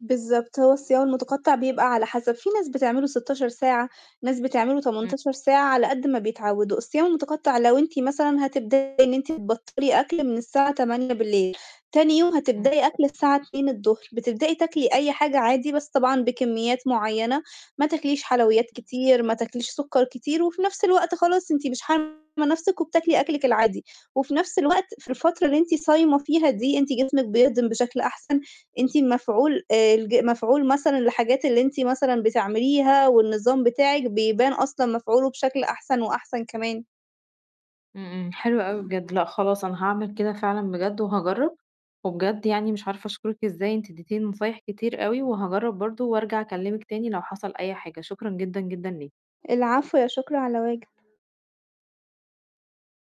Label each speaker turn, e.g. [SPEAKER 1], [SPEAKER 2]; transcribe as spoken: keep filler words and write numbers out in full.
[SPEAKER 1] بالضبط هو الصيام المتقطع بيبقى على حسب في ناس بتعمله سِتاشر ساعة ناس بتعمله
[SPEAKER 2] إمم.
[SPEAKER 1] تمنتاشر ساعة على قد ما بيتعودوا، الصيام المتقطع لو أنتِ مثلًا هتبدئي إن أنتِ تبطلي أكل من الساعة تمانية بالليل تاني يوم
[SPEAKER 2] إمم.
[SPEAKER 1] هتبدئي أكل الساعة اتنين الضُهر، بتبدئي تاكلي أي حاجة عادي بس طبعًا بكميات معيّنة ما تاكليش حلويات كتير ما تاكليش سُكّر كتير، وفي نفْس الوقت خلاص أنتِ مش حارمة نفسِك وبتاكلي أكلِك العادي، وفي نفْس الوقت في الفترة اللي أنتِ صايمة فيها دي أنتِ جسمِك بيهضم بشكل أحسن، أنتِ مفعول آآ الج مفعول مثلًا الحاجات اللي أنتِ مثلًا بتعمليها والنظام بتاعِك بيبان أصلًا مفعوله بشكل أحسن وأحسن كمان.
[SPEAKER 2] إمم. إمم. حلو أوي بجد، لأ خلاص أنا هاعمل كده فعلًا بجد وهاجرّب، وبجد يعني مش عارفة أشكرِك إزاي أنتِ ادّيتيني نصايح كتير أوي، وهاجرّب برضه وأرجع أكلمِك تاني لو حصل أي حاجة، شكرًا جدًا جدًا ليكِ.
[SPEAKER 1] العفو، لا شكر على واجب.